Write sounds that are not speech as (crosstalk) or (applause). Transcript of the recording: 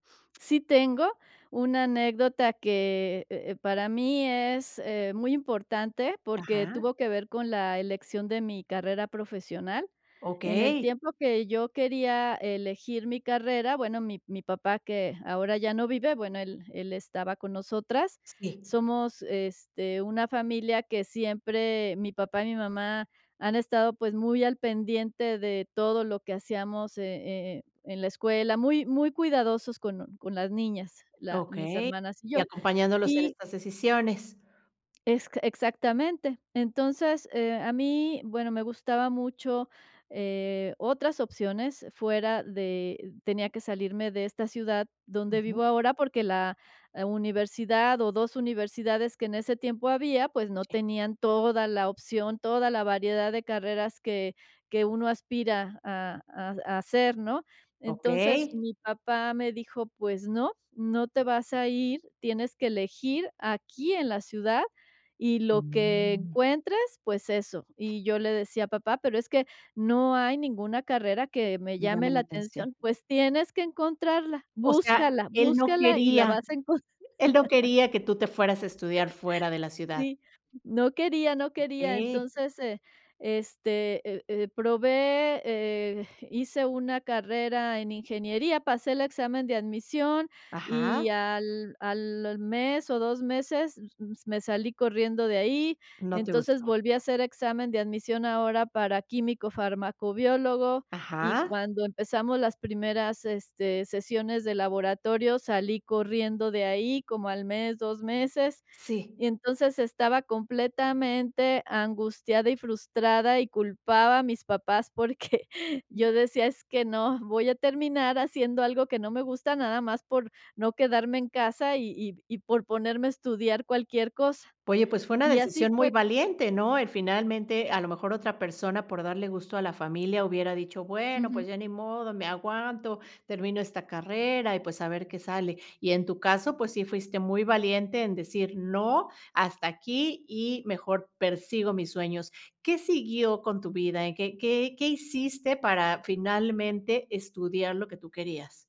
Sí tengo una anécdota que, eh eh, para mí es, eh, muy importante porque Ajá. tuvo que ver con la elección de mi carrera profesional. En el Okey. tiempo que yo quería elegir mi carrera, bueno, mi mi papá que ahora ya no vive, bueno, él él estaba con nosotras. Sí. Somos, este, una familia que siempre mi papá y mi mamá han estado, pues, muy al pendiente de todo lo que hacíamos e e e en la escuela, muy muy cuidadosos con con las niñas, la mis Okey. hermanas y Y yo, acompañándolos en y estas decisiones. es q Exactamente. Entonces, eh, a mí, bueno, me gustaba mucho, eh, otras opciones fuera de tenía que salirme de esta ciudad donde Ujú. vivo ahora porque la universidad o 2 universidades que en ese tiempo había, pues, no Sí. tenían toda la opción, toda la variedad de carreras que que uno aspira a a a hacer, ¿no? Entonces, Okey. mi papá me dijo: "Pues no, no te vas a ir. Tienes que elegir aquí en la ciudad y lo que Mm. encuentres, pues eso". Y yo le decía: "Papá, pero es que no hay ninguna carrera que me Me llame llamen la la atención. atención. 'Pues tienes que encontrarla, O sea, búscala, él no búscala y la quería. vas a encon...'" Él no (chuckles) quería que tú te fueras a estudiar (chuckles) fuera de la ciudad. Sí, no quería, no quería. Okey. Entonces, eh, este, eh eh, probé, eh, hice una carrera en ingeniería, pasé el examen de admisión y Ajá. al al mes o 2 meses m me salí corriendo de ahí. No te Entonces, gustó. volví a hacer examen de admisión ahora para químico-fármaco-biólogo, y Ajá. cuando empezamos las primeras, este, sesiones de laboratorio salí corriendo de ahí, como al mes, 2 meses. Sí. Y entonces estaba completamente angustiada y frustrada, y culpaba a mis papás porque (chuckles) Mm. yo decía: "Es que no. Voy a terminar haciendo algo que no me gusta, nada más por no quedarme en casa y y y por ponerme a estudiar cualquier cosa." Oye, pues fue una Y así decisión muy fue. valiente, ¿no? El finalmente, a lo mejor, otra persona por darle gusto a la familia hubiera dicho: "Bueno, Ujú. pues ya ni modo, me aguanto, termino esta carrera y, pues, a ver qué sale". Y en tu caso, pues sí fuiste muy valiente en decir: "No, hasta aquí y mejor persigo mis sueños." ¿Qué siguió con tu vida? ¿En qué qué qué hiciste para finalmente estudiar lo que tú querías?